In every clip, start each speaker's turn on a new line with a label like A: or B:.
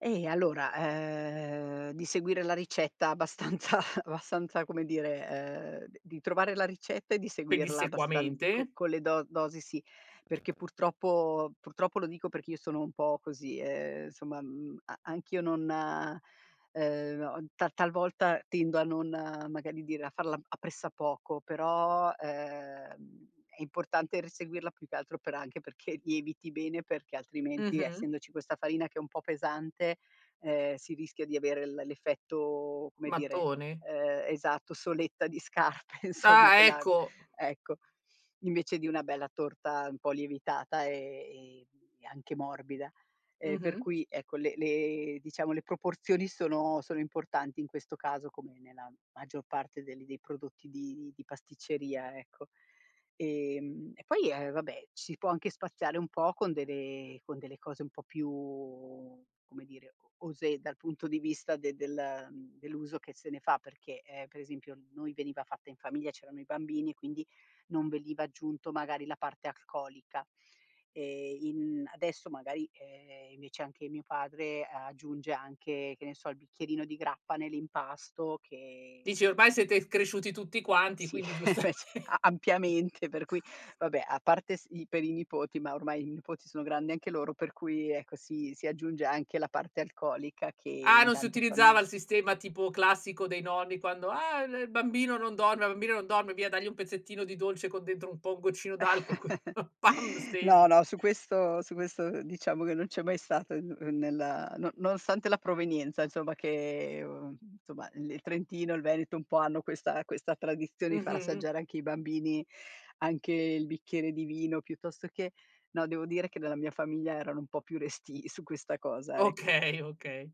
A: Eh allora, ehm, di seguire la ricetta abbastanza abbastanza come dire, ehm, d di trovare la ricetta e di seguirla abbastan co
B: Pedissequamente.
A: con le do dosi sì, perché purtroppo purtroppo lo dico perché io sono un po' così, ehm, somma, mhmm, a anch'io non ehm, ta talvolta tendo a non magari dire a farla a pressapoco. Però, ehm, è importante r seguirla, più che altro per anche perché lieviti bene perché altrimenti,
B: Mh-mh.
A: essendoci questa farina che è un po' pesante, ehm, si rischia di avere l l'effetto, come dire,
B: Mattone.
A: ehm, esatto, soletta di scarpe insomma,
B: Ah
A: quella
B: ecco.
A: ecco, invece di una bella torta un po' lievitata e, ehm, e anche morbida. E per
B: Mh-mh.
A: cui ecco le le diciamo, le proporzioni sono sono importanti in questo caso, come nella maggior parte del dei prodotti di di pasticceria ecco. Ehm, e poi, ehm, vabbè, ci può anche spaziare un po' con delle con delle cose un po' più, come dire, o osé dal punto di vista de del dell'uso che se ne fa, perché, ehm, per esempio, noi veniva fatta in famiglia, c'erano i bambini e quindi non veniva aggiunto magari la parte alcolica. E in adesso magari, ehm, invece anche mio padre aggiunge anche, che ne so, il bicchierino di grappa nell'impasto che
B: Dici, ormai siete cresciuti tutti quanti,
A: Sì,
B: quindi giustame
A: invece a ampiamente per cui vabbè, a parte s i per i nipoti, ma ormai i nipoti sono grandi anche loro, per cui ecco, si si aggiunge anche la parte alcolica che
B: Ah,
A: in
B: non si
A: tante
B: utilizzava
A: fami
B: il sistema tipo classico dei nonni quando: "Ah! L il bambino non dorme, il bambino non dorme! Via, dagli un pezzettino di dolce con dentro un po' un goccino d'alcol" Così, pam!
A: No,
B: Stesi.
A: no, su questo su questo, diciamo che non c'è mai stato un un nella no nonostante la provenienza insomma che somma l il Trentino e il Veneto un po' hanno questa questa tradizione di far
B: Mh-mh.
A: assaggiare anche ai bambini anche il bicchiere di vino piuttosto che no, devo dire che nella mia famiglia erano un po' più restii su questa cosa, ecco.
B: Okay, okay.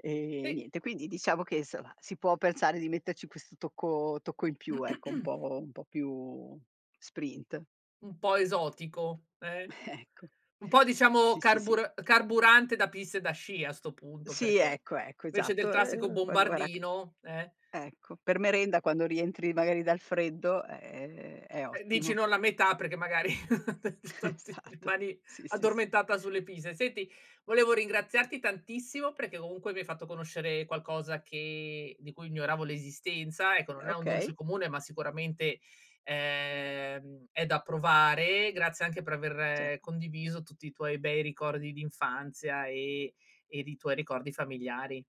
A: Ehm,
B: Sì.
A: niente, quindi diciamo che, insomma si può pensare di metterci questo tocco tocco in più, ecco, un po' un po' più sprint.
B: Un po' esotico, eh,
A: Ecco.
B: un po' diciamo
A: Sì, sì, sì.
B: carbur carburante da piste da sci a 'sto punto,
A: Sì
B: perché
A: ecco, ecco,
B: invece del
A: esatto.
B: classico
A: Ehm, quando era c
B: bombardino, eh.
A: ecco, per merenda quando rientri magari dal freddo, ehm, è
B: Eh dici:
A: ottimo.
B: "No, la metà perché magari
A: Esatto.
B: rimani
A: Sì, sì, sì.
B: addormentata sulle pise". Senti, volevo ringraziarti tantissimo perché comunque mi hai fatto conoscere qualcosa che di cui ignoravo l'esistenza. Ecco,
A: Ehm,
B: non è un
A: okay.
B: dolce comune, ma sicuramente, ehm, è da provare. Grazie anche per
A: Cer
B: aver condiviso tutti i tuoi bei ricordi d'infanzia e ed i tuoi ricordi familiari.